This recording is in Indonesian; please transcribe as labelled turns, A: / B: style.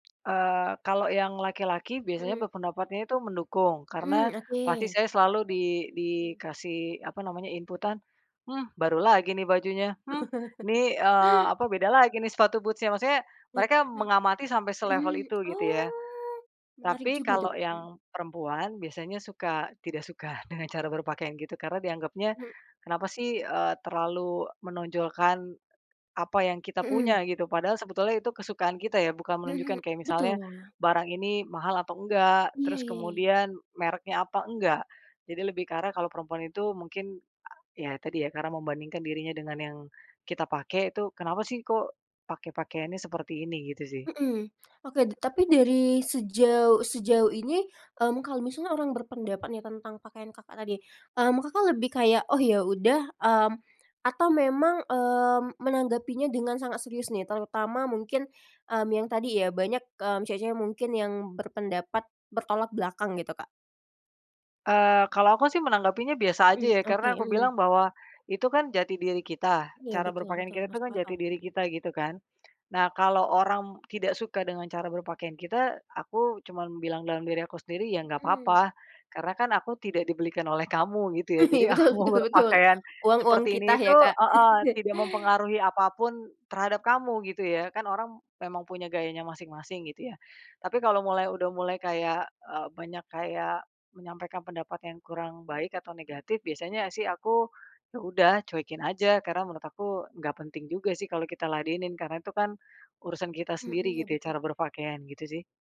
A: Eee, kalau yang laki-laki biasanya
B: Mhm.
A: berpendapatnya itu mendukung. Karena
B: Mhm,
A: pasti
B: oke.
A: saya selalu di
B: Mhm.
A: dikasih, apa namanya, inputan. "Hmm, baru lagi nih bajunya.", "Hmm, nih", eee, apa, "beda lagi nih, sepatu boots-nya.", maksudnya,
B: eh
A: mereka
B: he
A: mengamati sampai selevel
B: Mhm,
A: itu, gitu ya.
B: oh, menarik
A: Tapi
B: juga tuh,
A: kalau
B: Kak, mhm.
A: yang perempuan biasanya, suka tidak suka dengan cara berpakaian gitu, karena dianggapnya, kenapa sih, eee, terlalu menonjolkan, apa yang kita
B: Mhm.
A: punya, gitu. Padahal sebetulnya itu kesukaan kita, ya. Bukan
B: Mhm.
A: menunjukkan kayak misalnya,
B: betul.
A: barang ini mahal atau enggak,
B: Iya
A: terus
B: iya iya.
A: kemudian mereknya apa, enggak. Jadi lebih ke arah kalau perempuan itu mungkin a ya tadi ya, karena membandingkan dirinya dengan yang kita pakai tuh, "Kenapa sih, kok pakai pakaiannya seperti ini", gitu sih.
B: Mhm, oke d tapi dari sejauh sejauh ini, mmm, kalau misalnya orang berpendapat nih, tentang pakaian Kakak tadi, mmm, Kakak lebih kayak, "Oh, yaudah", mmm, atau memang, eee, menanggapinya dengan sangat serius nih, terutama mungkin, mmm, yang tadi ya banyak, mmm, cewek cewek mungkin yang berpendapat bertolak belakang, gitu, Kak?
A: Eee, kalau aku sih menanggapinya biasa aja,
B: Mmm,
A: ya.
B: oke,
A: Karena aku
B: mmm.
A: bilang bahwa itu kan jati diri kita,
B: Iya,
A: cara
B: betul
A: berpakaian
B: betul,
A: kita tuh
B: masuk
A: kan jati
B: akal,
A: diri
B: mhm.
A: kita, gitu kan. Nah, kalau orang tidak suka dengan cara berpakaian kita, aku cuman bilang dalam diri aku sendiri ya nggak
B: Mhm.
A: papa. Karena kan aku tidak dibelikan oleh kamu, gitu ya. Jadi
B: Betul
A: aku mau
B: betul betul.
A: berpakaian
B: Uang uang
A: seperti
B: kita
A: ini, itu
B: ya, Kak.
A: ah hah, tidak mempengaruhi apapun terhadap kamu, gitu ya. Kan orang memang punya gayanya masing masing, gitu ya. Tapi kalau mulai udah mulai kayak e banyak kayak menyampaikan pendapat yang kurang baik atau negatif, biasanya sih aku, ya udah cuekin aja. Karena menurut aku nggak penting juga sih kalau kita ladenin, karena tuh kan urusan kita
B: Hmm,
A: sendiri,
B: iya,
A: gitu ya,
B: betul.
A: cara berpakaian, gitu sih.